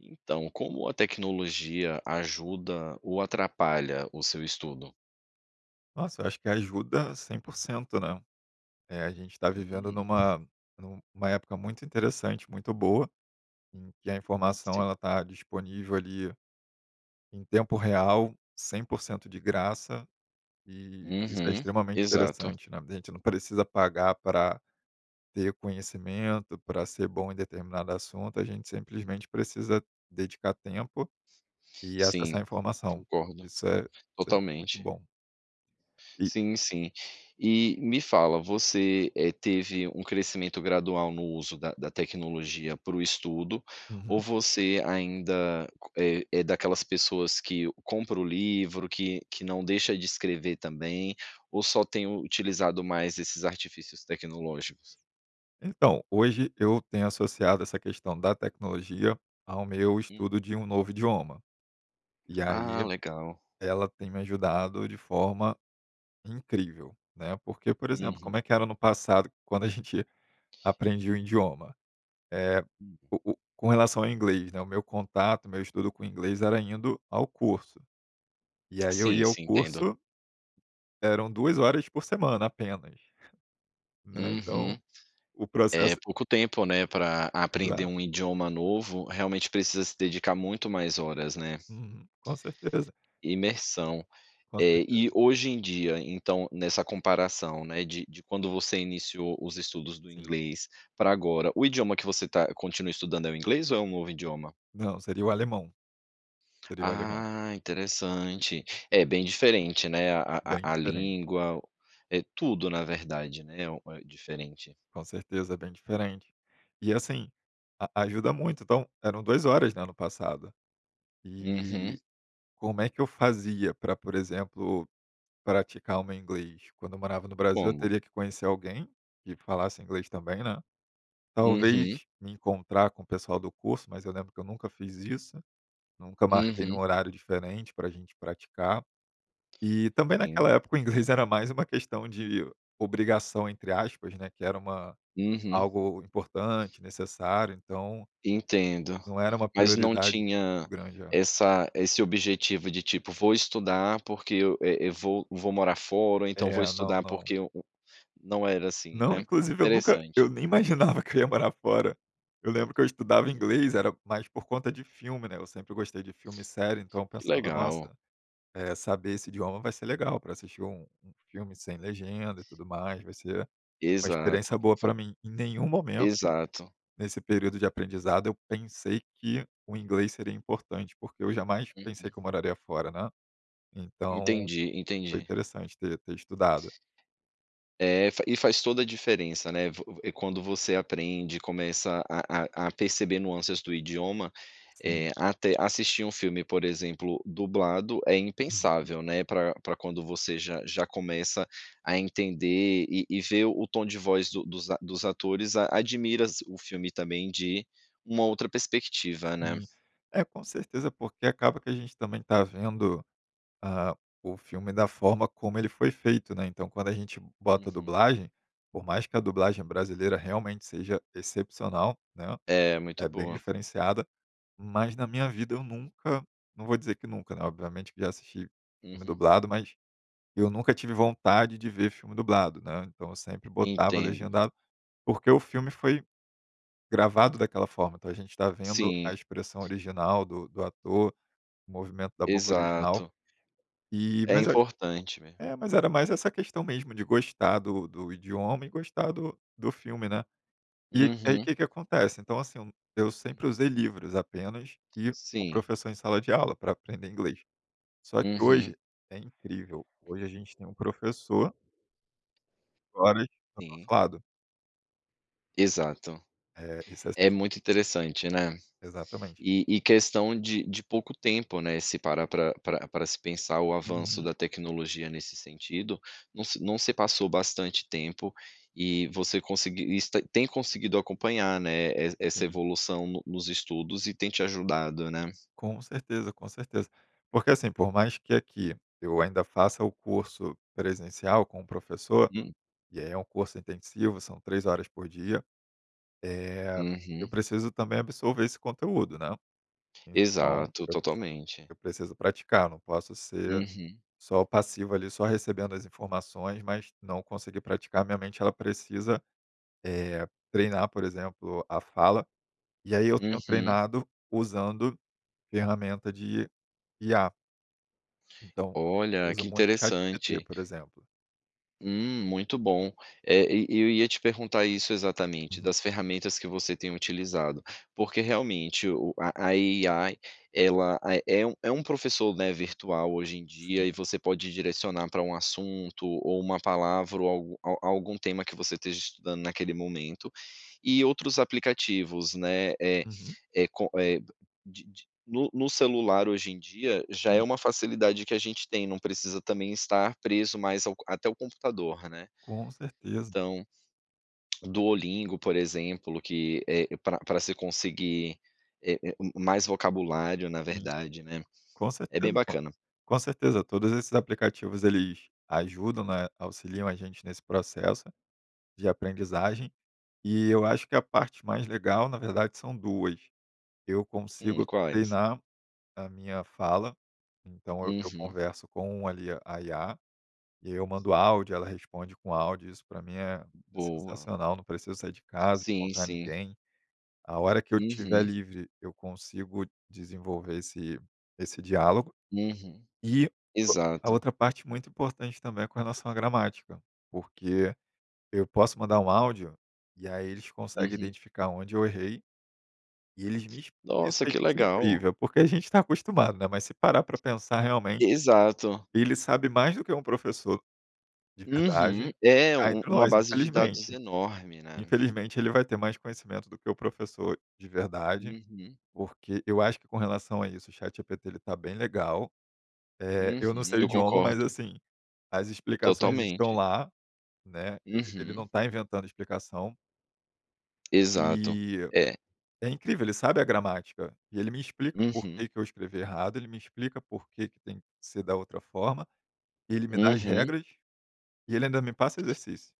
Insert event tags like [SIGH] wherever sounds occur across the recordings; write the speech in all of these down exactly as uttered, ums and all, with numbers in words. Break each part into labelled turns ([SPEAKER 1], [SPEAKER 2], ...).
[SPEAKER 1] Então, como a tecnologia ajuda ou atrapalha o seu estudo?
[SPEAKER 2] Nossa, eu acho que ajuda cem por cento, né. Eh, a gente tá vivendo
[SPEAKER 1] Isso.
[SPEAKER 2] numa numa época muito interessante, muito boa, em que a informação,
[SPEAKER 1] Sim.
[SPEAKER 2] ela está disponível, ali, em tempo real, cem por cento de graça, e isso é
[SPEAKER 1] Uhum.
[SPEAKER 2] extremamente
[SPEAKER 1] Exato.
[SPEAKER 2] interessante, né. A gente não precisa pagar pra ter conhecimento, pra ser bom em determinado assunto, a gente simplesmente precisa dedicar tempo, e
[SPEAKER 1] Sim,
[SPEAKER 2] acessar a informação.
[SPEAKER 1] concordo.
[SPEAKER 2] Isso é isso é muito
[SPEAKER 1] Totalmente.
[SPEAKER 2] bom. E
[SPEAKER 1] Sim, sim. E, me fala, você, eh, teve um crescimento gradual no uso da da tecnologia para o estudo, ou
[SPEAKER 2] Uhum.
[SPEAKER 1] você ainda c eh, é daquelas pessoas que compra o livro, que que não deixa de escrever também, ou só tem u utilizado mais esses artifícios tecnológicos?
[SPEAKER 2] Então, hoje eu tenho associado essa questão da tecnologia ao meu
[SPEAKER 1] Hum.
[SPEAKER 2] estudo de um novo idioma, e
[SPEAKER 1] Ah,
[SPEAKER 2] aí
[SPEAKER 1] legal.
[SPEAKER 2] ela tem me ajudado de forma incrível, né. Porque, por exemplo,
[SPEAKER 1] Uhum.
[SPEAKER 2] como é que era no passado, quando a gente aprendia o indioma. Eh,
[SPEAKER 1] Hum.
[SPEAKER 2] o o com relação ao inglês, né, o meu contato, o meu estudo com inglês, era indo ao curso. E aí eu
[SPEAKER 1] Sim,
[SPEAKER 2] ia ao
[SPEAKER 1] sim, entendo.
[SPEAKER 2] curso eram duas horas por semana, apenas. Né, então,
[SPEAKER 1] Uhum.
[SPEAKER 2] o
[SPEAKER 1] É,
[SPEAKER 2] processo
[SPEAKER 1] pouco tempo, né, pra aprender
[SPEAKER 2] Exato.
[SPEAKER 1] um idioma novo, realmente precisa se dedicar muito mais horas, né.
[SPEAKER 2] Uhum, com certeza.
[SPEAKER 1] Imersão.
[SPEAKER 2] Com
[SPEAKER 1] Eh, e
[SPEAKER 2] certeza.
[SPEAKER 1] hoje em dia, então, nessa comparação, né, de de quando você iniciou os estudos do
[SPEAKER 2] Sim.
[SPEAKER 1] inglês, pra agora, o idioma que você tá continua estudando é o inglês, ou é um novo idioma?
[SPEAKER 2] Não, seria o alemão. Seria o alemão.
[SPEAKER 1] Ah, interessante. É, bem diferente, né, a
[SPEAKER 2] Bem
[SPEAKER 1] a a
[SPEAKER 2] diferente.
[SPEAKER 1] língua o é, tudo na verdade, né, o eh, diferente.
[SPEAKER 2] Com certeza, é bem diferente. E assim, a ajuda muito, então eram duas horas, né, no passado.
[SPEAKER 1] Uhum.
[SPEAKER 2] E, como é que eu fazia pra, por exemplo, praticar o meu inglês, quando eu morava no Brasil, eu
[SPEAKER 1] Como?
[SPEAKER 2] teria que conhecer alguém que falasse inglês também, né.
[SPEAKER 1] Uhum.
[SPEAKER 2] Talvez me encontrar com o pessoal do curso, mas eu lembro que eu nunca fiz isso. Nunca marquei num
[SPEAKER 1] Uhum.
[SPEAKER 2] horário diferente, para a gente praticar. E, também
[SPEAKER 1] Sim.
[SPEAKER 2] naquela época, o [CHUCKLES] inglês era mais uma questão de "obrigação", entre aspas, né, que era uma
[SPEAKER 1] Uhum.
[SPEAKER 2] algo importante, necessário, então,
[SPEAKER 1] Entendo.
[SPEAKER 2] não era uma
[SPEAKER 1] Mas não
[SPEAKER 2] prioridade
[SPEAKER 1] tinha
[SPEAKER 2] muito grande. É.
[SPEAKER 1] essa esse objetivo, de tipo: "Vou estudar, porque eu, eh, eu vou vou morar fora", ou então: "Vou
[SPEAKER 2] É, não,
[SPEAKER 1] estudar,
[SPEAKER 2] não.
[SPEAKER 1] porque o o". Não era assim,
[SPEAKER 2] Não,
[SPEAKER 1] né.
[SPEAKER 2] inclusive eu nunca
[SPEAKER 1] Interessante.
[SPEAKER 2] eu nem [CHUCKLES] imaginava que eu ia morar fora. Eu lembro que eu estudava inglês,
[SPEAKER 1] Uhum.
[SPEAKER 2] era mais por conta de filme, né, eu sempre gostei de filme e série, então eu
[SPEAKER 1] Que
[SPEAKER 2] pensava:
[SPEAKER 1] legal.
[SPEAKER 2] "Nossa, eh, saber esse idioma vai ser legal, pra assistir um um filme sem legenda, e tudo mais. Vai ser uma
[SPEAKER 1] Exato,
[SPEAKER 2] experiência boa
[SPEAKER 1] f
[SPEAKER 2] pra mim". Em nenhum momento,
[SPEAKER 1] Exato.
[SPEAKER 2] nesse período de aprendizado, eu pensei que o inglês seria importante, porque eu jamais pensei
[SPEAKER 1] Uhum.
[SPEAKER 2] que eu moraria fora, né. Então,
[SPEAKER 1] Entendi,
[SPEAKER 2] foi
[SPEAKER 1] entendi.
[SPEAKER 2] interessante ter ter estudado.
[SPEAKER 1] É, fa e faz toda a diferença, né, v eh, quando você aprende, começa a a a perceber nuâncias do idioma, eh,
[SPEAKER 2] Sim.
[SPEAKER 1] até assistir um filme, por exemplo, dublado, é
[SPEAKER 2] Uhum.
[SPEAKER 1] impensável, né, pra pra quando você já já começa a entender, e e ver o tom de voz do dos a dos atores, a admiras o filme, também, de uma outra perspectiva, né.
[SPEAKER 2] Sim. É, com certeza, porque acaba que a gente também tá vendo, ah, o filme da forma como ele foi feito, né. Então, quando a gente bota a
[SPEAKER 1] Uhum.
[SPEAKER 2] dublagem, por mais que a dublagem brasileira realmente seja excepcional, né,
[SPEAKER 1] É, muito
[SPEAKER 2] é bem
[SPEAKER 1] boa.
[SPEAKER 2] diferenciada. Mas na minha vida eu nunca, não vou dizer que nunca, né, obviamente que já assisti filme
[SPEAKER 1] Uhum.
[SPEAKER 2] dublado, mas eu nunca tive vontade de ver filme dublado, né, então eu sempre botava
[SPEAKER 1] Entendo.
[SPEAKER 2] legendado, porque o filme foi gravado daquela forma, então a gente tá vendo a
[SPEAKER 1] Sim.
[SPEAKER 2] expressão original do do ator, o movimento da boca original.
[SPEAKER 1] Exato.
[SPEAKER 2] E,
[SPEAKER 1] É
[SPEAKER 2] mas eu acho
[SPEAKER 1] importante, né.
[SPEAKER 2] é, mas era mais essa questão mesmo, de gostar do do idioma e gostar do do filme, né. E, aí
[SPEAKER 1] Uhum.
[SPEAKER 2] que que acontece, então assim, eu eu
[SPEAKER 1] Hum.
[SPEAKER 2] sempre usei livros apenas, e o
[SPEAKER 1] Sim.
[SPEAKER 2] professor em sala de aula, pra aprender inglês. Só que
[SPEAKER 1] Uhum.
[SPEAKER 2] hoje, é incrível, hoje a gente tem um professor [UNINTELLIGIBLE] tá do nosso
[SPEAKER 1] Sim.
[SPEAKER 2] lado.
[SPEAKER 1] Exato.
[SPEAKER 2] É, isso é s
[SPEAKER 1] É muito interessante, né.
[SPEAKER 2] Exatamente.
[SPEAKER 1] E e questão de de pouco tempo, né, se parar pra pra pra se pensar, o avanço
[SPEAKER 2] Uhum.
[SPEAKER 1] da tecnologia nesse sentido não se não se passou bastante tempo, e você conseguir isso tá tem conseguido acompanhar, né, es essa
[SPEAKER 2] Sim.
[SPEAKER 1] evolução no nos estudos e tem te ajudado, né.
[SPEAKER 2] Com certeza, com certeza. Porque assim, por mais que aqui eu ainda faça o curso presencial com um professor.
[SPEAKER 1] Hum.
[SPEAKER 2] E aí, é um curso intensivo, são três horas por dia, eh, eu
[SPEAKER 1] Uhum.
[SPEAKER 2] preciso também absorver esse conteúdo, né. Então
[SPEAKER 1] Exato,
[SPEAKER 2] eu preciso
[SPEAKER 1] totalmente.
[SPEAKER 2] eu preciso praticar, não posso ser
[SPEAKER 1] Uhum.
[SPEAKER 2] só passivo, ali, só recebendo as informações, mas não conseguir praticar, minha mente, ela precisa, eh, treinar, por exemplo, a fala, e aí eu tenho
[SPEAKER 1] Uhum.
[SPEAKER 2] treinado usando ferramenta de I-A. Então, eu
[SPEAKER 1] Olha,
[SPEAKER 2] uso
[SPEAKER 1] que
[SPEAKER 2] muito chat-G-P-T,
[SPEAKER 1] interessante.
[SPEAKER 2] por exemplo.
[SPEAKER 1] Hum, muito bom. É, e eu ia te perguntar isso, exatamente,
[SPEAKER 2] Uhum.
[SPEAKER 1] das ferramentas que você tem utilizado, porque realmente, o a a I-A ela, ah, é um é um professor, né, virtual hoje em dia,
[SPEAKER 2] Sim.
[SPEAKER 1] e você pode direcionar para um assunto, ou uma palavra, ou algu a algum tema que você esteja estudando naquele momento, e outros aplicativos, né. Eh,
[SPEAKER 2] Uhum.
[SPEAKER 1] é co eh, de de no no celular, hoje em dia, já é
[SPEAKER 2] Hum.
[SPEAKER 1] uma facilidade que a gente tem, não precisa também estar preso mais ao co até o computador, né.
[SPEAKER 2] Com certeza.
[SPEAKER 1] Então, Duolingo, por exemplo, que, eh, para para se conseguir é é m mais vocabulário, na
[SPEAKER 2] Hum.
[SPEAKER 1] verdade, né.
[SPEAKER 2] Com
[SPEAKER 1] É bem
[SPEAKER 2] certeza, pô.
[SPEAKER 1] bacana.
[SPEAKER 2] Com certeza, todos esses aplicativos, eles ajudam, né, auxiliam a gente nesse processo de aprendizagem, e eu acho que a parte mais legal, na verdade, são duas. Eu
[SPEAKER 1] Hum,
[SPEAKER 2] consigo
[SPEAKER 1] quais?
[SPEAKER 2] treinar a minha fala, então eu eu
[SPEAKER 1] Uhum.
[SPEAKER 2] converso com, ali, a I-A. E eu mando áudio, ela responde com áudio, isso pra mim é
[SPEAKER 1] Boa.
[SPEAKER 2] sensacional, não preciso sair de casa,
[SPEAKER 1] Sim,
[SPEAKER 2] encontrar
[SPEAKER 1] sim.
[SPEAKER 2] ninguém. A hora que eu tiver
[SPEAKER 1] Uhum.
[SPEAKER 2] livre, eu consigo desenvolver esse esse diálogo.
[SPEAKER 1] Uhum.
[SPEAKER 2] E, a
[SPEAKER 1] Exato.
[SPEAKER 2] outra parte muito importante também, é com relação à gramática, porque eu posso mandar um áudio, e aí eles conseguem
[SPEAKER 1] Uhum.
[SPEAKER 2] identificar onde eu errei, e eles me ex isso
[SPEAKER 1] Nossa,
[SPEAKER 2] é
[SPEAKER 1] que
[SPEAKER 2] isso é
[SPEAKER 1] legal.
[SPEAKER 2] incrível, porque a gente tá acostumado, né, mas se parar pra pensar, realmente,
[SPEAKER 1] Exato.
[SPEAKER 2] ele sabe mais do que um professor de
[SPEAKER 1] Uhum.
[SPEAKER 2] verdade,
[SPEAKER 1] É,
[SPEAKER 2] cá
[SPEAKER 1] u
[SPEAKER 2] entre
[SPEAKER 1] uma
[SPEAKER 2] nós,
[SPEAKER 1] base de dados
[SPEAKER 2] infelizmente.
[SPEAKER 1] enorme, né.
[SPEAKER 2] Infelizmente ele vai ter mais conhecimento do que o professor de verdade,
[SPEAKER 1] Uhum.
[SPEAKER 2] porque, eu acho que com relação a isso, o chat G-P-T, ele está bem legal. Eh, eu não
[SPEAKER 1] Uhum,
[SPEAKER 2] sei o
[SPEAKER 1] eu
[SPEAKER 2] idioma, mas
[SPEAKER 1] concordo.
[SPEAKER 2] assim, as explicações estão
[SPEAKER 1] Totalmente.
[SPEAKER 2] lá, né, ele ele
[SPEAKER 1] Uhum.
[SPEAKER 2] não tá inventando explicação.
[SPEAKER 1] Exato,
[SPEAKER 2] E
[SPEAKER 1] é.
[SPEAKER 2] é incrível, ele sabe a gramática, e ele me explica por
[SPEAKER 1] Uhum.
[SPEAKER 2] que que eu escrevi errado, ele me explica por que que tem que ser da outra forma, ele me dá as
[SPEAKER 1] Uhum.
[SPEAKER 2] regras, e ele ainda me passa o exercício,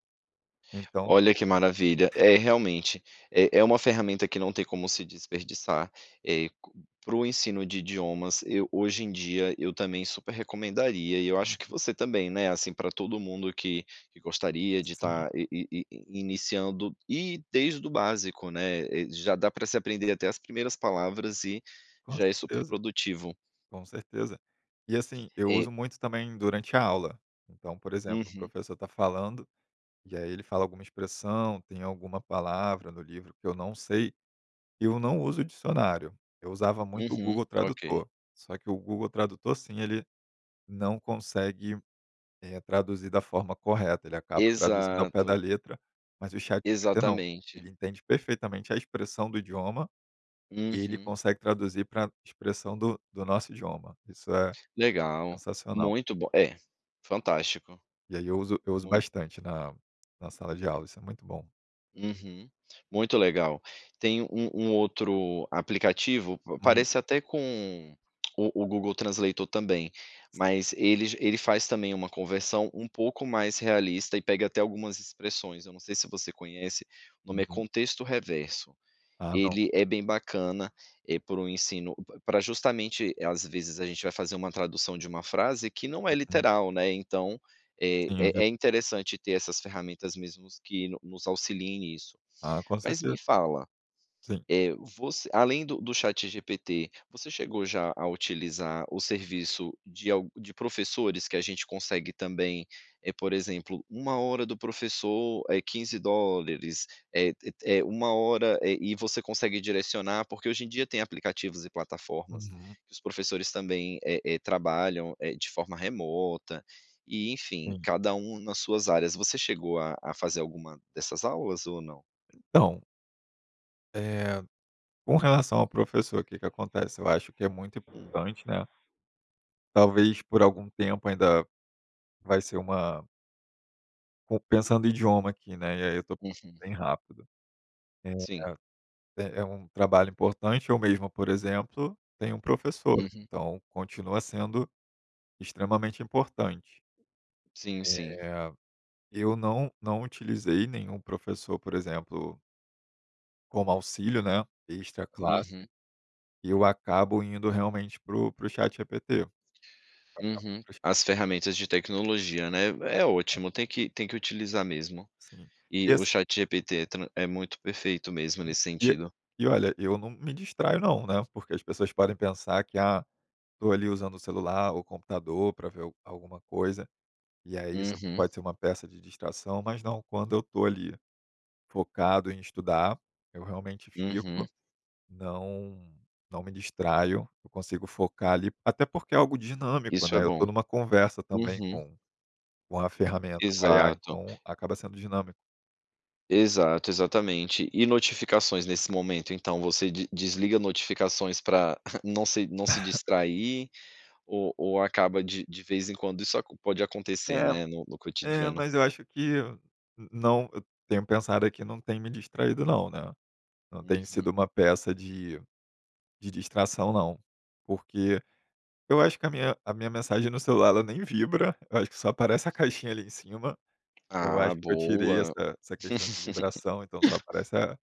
[SPEAKER 2] então
[SPEAKER 1] Olha que maravilha. É, realmente, é é uma ferramenta que não tem como se desperdiçar, eh, c para o ensino de idiomas, eu, hoje em dia, eu também super recomendaria, e eu acho que
[SPEAKER 2] Uhum.
[SPEAKER 1] você também, né, assim, pra todo mundo que que gostaria de
[SPEAKER 2] Sim.
[SPEAKER 1] estar i i i iniciando, e desde o básico, né, eh, já dá para se aprender até as primeiras palavras e
[SPEAKER 2] Com
[SPEAKER 1] já é super
[SPEAKER 2] certeza.
[SPEAKER 1] produtivo.
[SPEAKER 2] Com certeza. E assim, eu
[SPEAKER 1] É.
[SPEAKER 2] uso muito, também, durante a aula. Então, por exemplo, o
[SPEAKER 1] Uhum.
[SPEAKER 2] professor tá falando, e aí ele fala alguma expressão, tem alguma palavra no livro, que eu não sei, eu não uso o dicionário. Eu usava muito o
[SPEAKER 1] Uhum,
[SPEAKER 2] Google
[SPEAKER 1] ok.
[SPEAKER 2] Tradutor, só que o Google Tradutor, sim, ele não consegue, eh, traduzir da forma correta, ele acaba traduzindo ao pé da
[SPEAKER 1] Exato.
[SPEAKER 2] letra, mas o Chat GPT não,
[SPEAKER 1] Exatamente.
[SPEAKER 2] ele entende perfeitamente a expressão do idioma, e ele
[SPEAKER 1] Uhum.
[SPEAKER 2] consegue traduzir para expressão do do nosso idioma. Isso é
[SPEAKER 1] Legal.
[SPEAKER 2] sensacional.
[SPEAKER 1] Muito bom é, fantástico.
[SPEAKER 2] E aí eu uso eu uso
[SPEAKER 1] Muito.
[SPEAKER 2] bastante na na sala de aula, isso é muito bom.
[SPEAKER 1] Uhum, muito legal, tem um um outro aplicativo pa
[SPEAKER 2] Hum.
[SPEAKER 1] parece até com o o Google translator também, mas ele ele faz também uma conversão um pouco mais realista e pega até algumas expressões, eu não sei se você conhece, o nome é
[SPEAKER 2] Uhum.
[SPEAKER 1] "Contexto Reverso".
[SPEAKER 2] Ah, não,
[SPEAKER 1] Ele
[SPEAKER 2] não.
[SPEAKER 1] é bem bacana, é para o ensino para justamente, às vezes a gente vai fazer uma tradução de uma frase que não é
[SPEAKER 2] Uhum.
[SPEAKER 1] literal, né, então é
[SPEAKER 2] Tem a ver.
[SPEAKER 1] é é interessante ter essas ferramentas, mesmos que nos auxiliem nisso,
[SPEAKER 2] Ah, com
[SPEAKER 1] mas
[SPEAKER 2] certeza.
[SPEAKER 1] me fala,
[SPEAKER 2] Sim.
[SPEAKER 1] eh, você além do do chat G-P-T, você chegou já a utilizar o serviço de alg de professores que a gente consegue também, eh, por exemplo, uma hora do professor é quinze dólares, eh, te é uma hora, eh, e você consegue direcionar, porque hoje em dia tem aplicativos e plataformas
[SPEAKER 2] Uhum.
[SPEAKER 1] que os professores também, eh eh, trabalham, eh, de forma remota e, enfim,
[SPEAKER 2] Sim.
[SPEAKER 1] cada um nas suas áreas. Você chegou a a fazer alguma dessas aulas ou não?
[SPEAKER 2] Então eh, com relação ao professor que que acontece? Eu acho que é muito
[SPEAKER 1] Hum.
[SPEAKER 2] importante, né, talvez por algum tempo ainda, vai ser uma com pensando idioma aqui, né, e aí eu tô com
[SPEAKER 1] Uhum.
[SPEAKER 2] bem rápido. Eh,
[SPEAKER 1] Sim.
[SPEAKER 2] é é um trabalho importante, eu mesmo, por exemplo, tenho um professor,
[SPEAKER 1] Uhum.
[SPEAKER 2] então continua sendo extremamente importante.
[SPEAKER 1] Sim, sim.
[SPEAKER 2] Eh, eu não não utilizei nenhum professor, por exemplo como auxílio, né, extra classe
[SPEAKER 1] Uhum.
[SPEAKER 2] e eu acabo indo realmente para o para o ChatGPT. Acabo indo
[SPEAKER 1] Uhum,
[SPEAKER 2] pra o
[SPEAKER 1] as
[SPEAKER 2] Chat.
[SPEAKER 1] ferramentas de tecnologia, né. É
[SPEAKER 2] [UNINTELLIGIBLE]
[SPEAKER 1] ótimo, tem que tem que utilizar mesmo
[SPEAKER 2] Sim, e
[SPEAKER 1] e o
[SPEAKER 2] esse
[SPEAKER 1] ChatGPT é tran é muito perfeito mesmo,
[SPEAKER 2] Sim.
[SPEAKER 1] nesse
[SPEAKER 2] E
[SPEAKER 1] sentido.
[SPEAKER 2] e olha, eu não me distraio não, né, porque as pessoas podem pensar que: "Ah, tô ali usando o celular ou computador pra ver al alguma coisa, e aí isso
[SPEAKER 1] Uhum.
[SPEAKER 2] pode ser uma peça de distração", mas não, quando eu tô ali, focado em estudar, eu realmente
[SPEAKER 1] Uhum.
[SPEAKER 2] fico, não não me distraio, eu consigo focar ali, até porque é algo dinâmico,
[SPEAKER 1] Isso é
[SPEAKER 2] né, eu
[SPEAKER 1] bom.
[SPEAKER 2] tô numa conversa também
[SPEAKER 1] Uhum.
[SPEAKER 2] com com a ferramenta, com a IA
[SPEAKER 1] Exato.
[SPEAKER 2] então acaba sendo dinâmico.
[SPEAKER 1] Exato, exatamente. E notificações nesse momento, então você de desliga notificações pra [CHUCKLES] não se não se
[SPEAKER 2] [LAUGHS]
[SPEAKER 1] distrair ou ou acaba de de vez em quando isso acon pode acontecer,
[SPEAKER 2] É,
[SPEAKER 1] né, no no
[SPEAKER 2] é,
[SPEAKER 1] cotidiano?
[SPEAKER 2] mas eu acho que não eu tenho pensado aqui, não tem me distraído não, né, não tem
[SPEAKER 1] Uhum.
[SPEAKER 2] sido uma peça de de distração, não. Porque eu acho que a minha a minha mensagem no celular, ela nem vibra, eu acho que só aparece a caixinha ali em cima, eu
[SPEAKER 1] Ah,
[SPEAKER 2] acho que eu tirei
[SPEAKER 1] boa.
[SPEAKER 2] essa essa questão de vibração, então só
[SPEAKER 1] [LAUGHS]
[SPEAKER 2] aparece a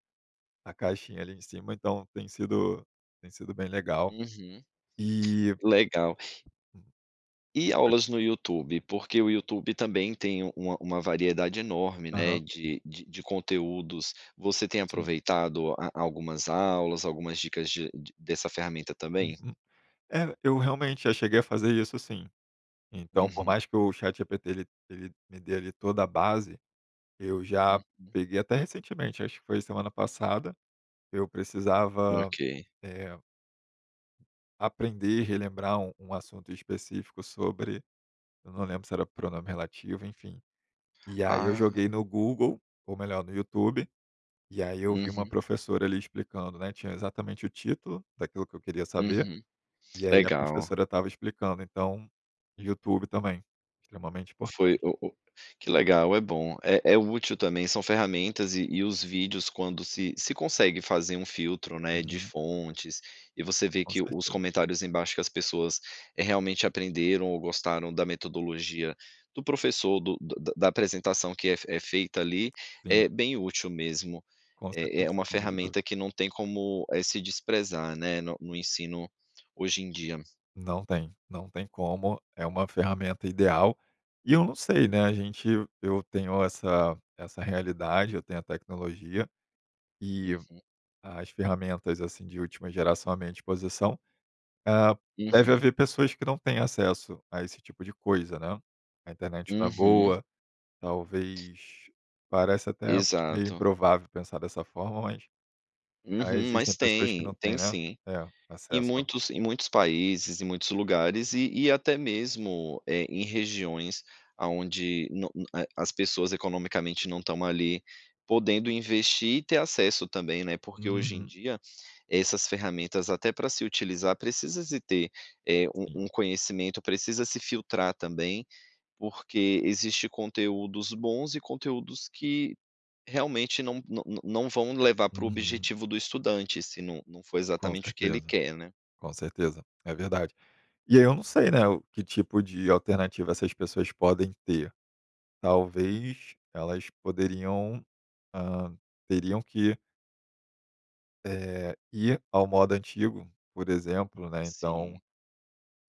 [SPEAKER 2] a caixinha ali em cima, então tem sido tem sido bem legal,
[SPEAKER 1] Uhum,
[SPEAKER 2] e
[SPEAKER 1] legal. E
[SPEAKER 2] [UNINTELLIGIBLE]
[SPEAKER 1] aulas no YouTube, porque o YouTube também tem uma uma variedade enorme, né,
[SPEAKER 2] Aham.
[SPEAKER 1] de de de conteúdos, você tem
[SPEAKER 2] Sim.
[SPEAKER 1] aproveitado a a algumas aulas, algumas dicas de de dessa ferramenta também?
[SPEAKER 2] Uhum. É, eu realmente já cheguei a fazer isso sim, então, por
[SPEAKER 1] Uhum.
[SPEAKER 2] mais que o chat G-P-T ele ele me dê ali toda a base, eu já
[SPEAKER 1] Uhum.
[SPEAKER 2] peguei até recentemente, acho que foi semana passada, eu precisava
[SPEAKER 1] Ok.
[SPEAKER 2] eh aprender e relembrar um um assunto específico sobre, eu não lembro se era pronome relativo, enfim, e aí eu
[SPEAKER 1] Ah.
[SPEAKER 2] joguei no Google, ou melhor no YouTube, e aí eu vi uma
[SPEAKER 1] Uhum.
[SPEAKER 2] professora ali explicando, né, tinha exatamente o título daquilo que eu queria saber,
[SPEAKER 1] Uhum,
[SPEAKER 2] e aí a
[SPEAKER 1] legal.
[SPEAKER 2] professora estava explicando, então YouTube também, extremamente
[SPEAKER 1] Foi
[SPEAKER 2] importante.
[SPEAKER 1] o o que legal, é bom, é é útil também. São ferramentas e e os vídeos quando se se consegue fazer um filtro, né, de
[SPEAKER 2] Uhum.
[SPEAKER 1] fontes e você vê
[SPEAKER 2] Com
[SPEAKER 1] que os
[SPEAKER 2] certe
[SPEAKER 1] comentários embaixo que as pessoas, eh, realmente aprenderam ou gostaram da metodologia do professor, do do da da apresentação que é é feita ali
[SPEAKER 2] Sim.
[SPEAKER 1] é bem útil mesmo.
[SPEAKER 2] Com
[SPEAKER 1] É é
[SPEAKER 2] certeza,
[SPEAKER 1] uma
[SPEAKER 2] sem sombra de du
[SPEAKER 1] ferramenta que não tem como, eh, se desprezar, né, no no ensino hoje em dia.
[SPEAKER 2] Não tem, não tem como, é uma ferramenta ideal, e eu não sei, né, a gente eu tenho essa essa realidade, eu tenho a tecnologia e
[SPEAKER 1] Uhum.
[SPEAKER 2] as ferramentas, assim, de última geração a minha disposição. Ah, deve
[SPEAKER 1] Uhum.
[SPEAKER 2] haver pessoas que não têm acesso a esse tipo de coisa, né, a internet não é
[SPEAKER 1] Uhum.
[SPEAKER 2] boa, talvez, parece até meio
[SPEAKER 1] Exato.
[SPEAKER 2] improvável pensar dessa forma, mas, ah,
[SPEAKER 1] Uhum,
[SPEAKER 2] existem
[SPEAKER 1] mas
[SPEAKER 2] pessoas que
[SPEAKER 1] tem,
[SPEAKER 2] não têm,
[SPEAKER 1] tem
[SPEAKER 2] né,
[SPEAKER 1] sim.
[SPEAKER 2] é
[SPEAKER 1] Em
[SPEAKER 2] acesso.
[SPEAKER 1] muitos em muitos países, em muitos lugares e e até mesmo, eh, em regiões aonde no na eh, as pessoas economicamente não estão ali podendo investir e ter acesso também, né. Porque hoje em
[SPEAKER 2] Uhum.
[SPEAKER 1] dia essas ferramentas, até pra se utilizar, precisa se ter, eh, um
[SPEAKER 2] Sim.
[SPEAKER 1] um conhecimento, precisa se filtrar também, porque existe conteúdos bons e conteúdos que realmente não não não não vão levar para o
[SPEAKER 2] Uhum.
[SPEAKER 1] objetivo do estudante, se não não for
[SPEAKER 2] Com
[SPEAKER 1] exatamente o que ele
[SPEAKER 2] certeza,
[SPEAKER 1] quer, né.
[SPEAKER 2] com certeza, é verdade. E aí eu não sei, né, o que tipo de alternativa essas pessoas podem ter, talvez elas poderiam, hã, teriam que Eh, e ao modo antigo, por exemplo, né, então
[SPEAKER 1] Sim.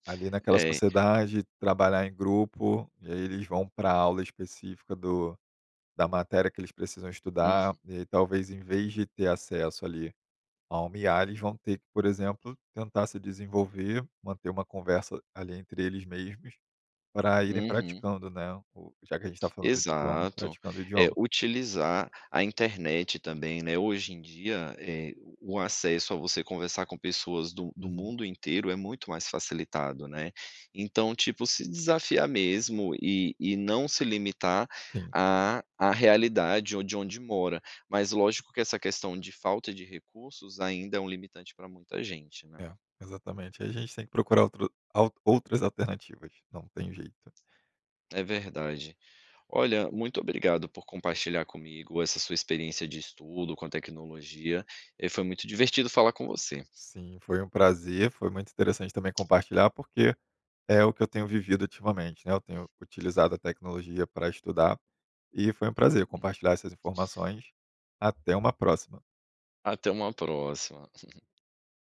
[SPEAKER 2] ali naquela
[SPEAKER 1] É.
[SPEAKER 2] sociedade, trabalhar em grupo, eles vão pra aula específica do da matéria que eles precisam
[SPEAKER 1] Uhum.
[SPEAKER 2] estudar e talvez, em vez de ter acesso ali a uma IA, eles vão ter que, por exemplo, tentar se desenvolver, manter uma conversa ali entre eles mesmos, para irem
[SPEAKER 1] Uhum.
[SPEAKER 2] praticando, né, o já que a gente tá falando de idioma,
[SPEAKER 1] Exato.
[SPEAKER 2] praticando o
[SPEAKER 1] É,
[SPEAKER 2] idioma.
[SPEAKER 1] utilizar a internet também, né, hoje em dia, eh, o acesso a você conversar com pessoas do do
[SPEAKER 2] Uhum.
[SPEAKER 1] mundo inteiro é muito mais facilitado, né, então, tipo, se desafiar mesmo e e não se limitar
[SPEAKER 2] Sim.
[SPEAKER 1] à à realidade onde onde mora. Mas lógico que essa questão de "Falta de recursos" ainda é um limitante para muita gente, né.
[SPEAKER 2] É, exatamente, a gente tem que procurar outro al outras alternativas, não tem jeito.
[SPEAKER 1] É verdade. Olha, muito obrigado por compartilhar comigo essa sua experiência de estudo com a tecnologia. Eh, foi muito divertido falar com você.
[SPEAKER 2] Sim, foi um prazer, foi muito interessante também compartilhar porque, é o que eu tenho vivido ultimamente, né, eu tenho
[SPEAKER 1] [CHUCKLES]
[SPEAKER 2] utilizado a tecnologia pra estudar e foi um prazer
[SPEAKER 1] Uhum.
[SPEAKER 2] compartilhar essas informações. Até uma próxima.
[SPEAKER 1] Até uma próxima. [CHUCKLES]